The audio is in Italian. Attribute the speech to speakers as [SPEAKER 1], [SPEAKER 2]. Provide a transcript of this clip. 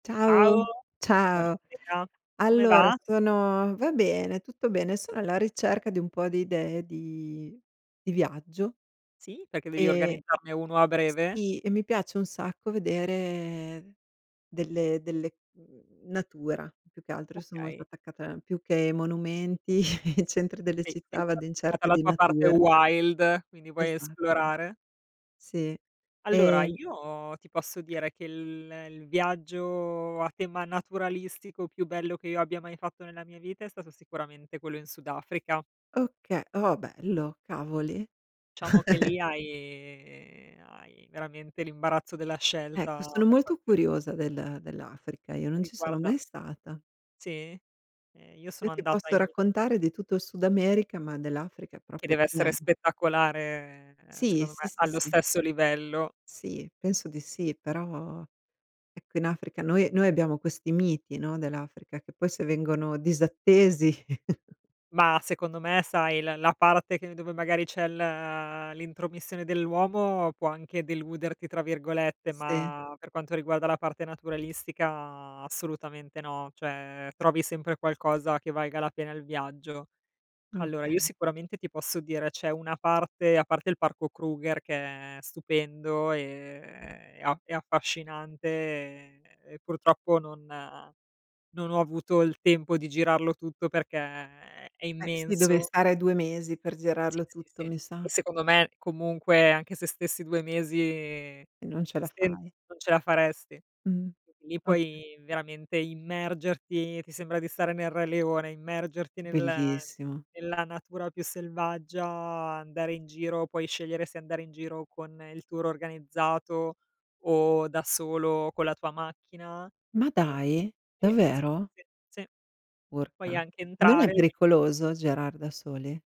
[SPEAKER 1] Ciao,
[SPEAKER 2] Ciao. Ciao.
[SPEAKER 1] buonasera. Come
[SPEAKER 2] Allora
[SPEAKER 1] va?
[SPEAKER 2] sono va bene, tutto bene. Sono alla ricerca di un po' di idee di di viaggio
[SPEAKER 1] Sì, perché devi
[SPEAKER 2] e
[SPEAKER 1] organizzarne uno a breve?
[SPEAKER 2] sì, e mi piace un sacco vedere delle delle mhmm, natura, più che altro io son molto
[SPEAKER 1] Okay.
[SPEAKER 2] attaccata più che ai monumenti, i centri delle
[SPEAKER 1] Sei
[SPEAKER 2] città, vado in
[SPEAKER 1] [unintelligible]
[SPEAKER 2] cerca
[SPEAKER 1] dalla
[SPEAKER 2] di
[SPEAKER 1] tua parte
[SPEAKER 2] natura.
[SPEAKER 1] wild, quindi vuoi
[SPEAKER 2] Esatto.
[SPEAKER 1] esplorare?
[SPEAKER 2] Sì.
[SPEAKER 1] Allora
[SPEAKER 2] Ehm
[SPEAKER 1] io ti posso dire che il il viaggio a tema naturalistico più bello che io abbia mai fatto nella mia vita è stato sicuramente quello in Sud Africa.
[SPEAKER 2] Okay, oh bello, cavoli.
[SPEAKER 1] Diciamo che lì hai hai veramente l'imbarazzo della
[SPEAKER 2] Ecco
[SPEAKER 1] scelta
[SPEAKER 2] sono
[SPEAKER 1] per
[SPEAKER 2] molto
[SPEAKER 1] quanto riguar
[SPEAKER 2] curiosa del dell'Africa, io non ci sono
[SPEAKER 1] riguarda
[SPEAKER 2] mai stata.
[SPEAKER 1] Sì. Eh io
[SPEAKER 2] Io
[SPEAKER 1] sono
[SPEAKER 2] ti
[SPEAKER 1] andata
[SPEAKER 2] posso
[SPEAKER 1] in un
[SPEAKER 2] raccontare di tutto il Sud America, ma dell'Africa
[SPEAKER 1] Che
[SPEAKER 2] proprio
[SPEAKER 1] deve essere
[SPEAKER 2] 0.
[SPEAKER 1] spettacolare ehm,
[SPEAKER 2] Sì,
[SPEAKER 1] secondo
[SPEAKER 2] sì,
[SPEAKER 1] me,
[SPEAKER 2] sì,
[SPEAKER 1] allo
[SPEAKER 2] sì.
[SPEAKER 1] stesso livello.
[SPEAKER 2] Sì, penso di sì, però ecco in Africa noi noi abbiamo questi miti, no, dell'Africa, che poi se vengono disattesi.
[SPEAKER 1] Mah, secondo me sai, l la parte che dove magari c'è l uhm, l'intromissione dell'uomo può anche "deluderti" tra virgolette,
[SPEAKER 2] Sì.
[SPEAKER 1] ma per quanto riguarda la parte naturalistica assolutamente no, cioè trovi sempre qualcosa che valga la pena il viaggio. Allora io
[SPEAKER 2] Okay.
[SPEAKER 1] sicuramente ti posso dire: c'è una parte, a parte il parco Kruger che è stupendo, ehm, e a e affascinante e purtroppo non non ho avuto il tempo di girarlo tutto perché, ehm, è
[SPEAKER 2] Eh, sì, dovrei
[SPEAKER 1] immenso.
[SPEAKER 2] stare 2 mesi per
[SPEAKER 1] Sì,
[SPEAKER 2] girarlo
[SPEAKER 1] sì, sì.
[SPEAKER 2] tutto, mi
[SPEAKER 1] E
[SPEAKER 2] sa.
[SPEAKER 1] secondo me comunque anche se stessi 2 mesi
[SPEAKER 2] E non ce la
[SPEAKER 1] sen
[SPEAKER 2] fai.
[SPEAKER 1] non ce la faresti.
[SPEAKER 2] Mh,
[SPEAKER 1] Quindi lì
[SPEAKER 2] okay.
[SPEAKER 1] puoi veramente immergerti, ti sembra di stare nel Re leone, immergerti nella
[SPEAKER 2] Bellissimo.
[SPEAKER 1] nella natura più selvaggia, andare in giro, puoi scegliere se andare in giro con il tour organizzato o da solo con la tua macchina
[SPEAKER 2] Ma
[SPEAKER 1] e
[SPEAKER 2] dai,
[SPEAKER 1] eh, sì,
[SPEAKER 2] davvero?
[SPEAKER 1] sì, sì. Sì, puoi
[SPEAKER 2] Urca.
[SPEAKER 1] anche
[SPEAKER 2] Non è
[SPEAKER 1] entrare lì
[SPEAKER 2] pericoloso girar da soli?